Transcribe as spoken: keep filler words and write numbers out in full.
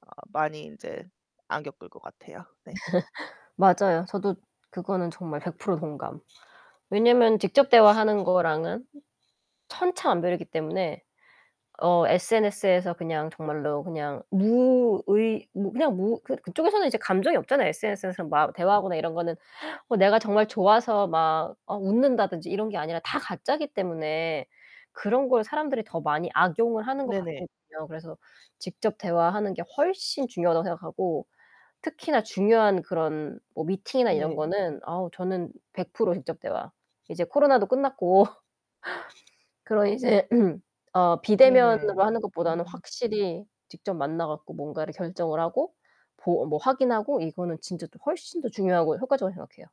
어 많이 인제 안 겪을 것 같아요. 네. 맞아요. 저도 그거는 정말 백 프로 동감. 왜냐면 직접 대화하는 거랑은 천차만별이기 때문에 어 SNS에서 그냥 정말로 그냥 무의 뭐 그냥 무 그 그쪽에서는 이제 감정이 없잖아요. SNS에서 막 대화하거나 이런 거는 어 내가 정말 좋아서 막 아 웃는다든지 이런 게 아니라 다 가짜기 때문에 그런 걸 사람들이 더 많이 악용을 하는 것 네네. 같거든요. 그래서 직접 대화하는 게 훨씬 중요하다고 생각하고 특히나 중요한 그런 뭐 미팅이나 이런 네. 거는 아우 저는 백 프로 직접 대화. 이제 코로나도 끝났고. 그런 이제 어 네네. 비대면으로 하는 것보다는 음. 확실히 직접 만나 갖고 뭔가를 결정을 하고 보 뭐 확인하고 이거는 진짜 더 훨씬 더 중요하고 효과적이라고 생각해요.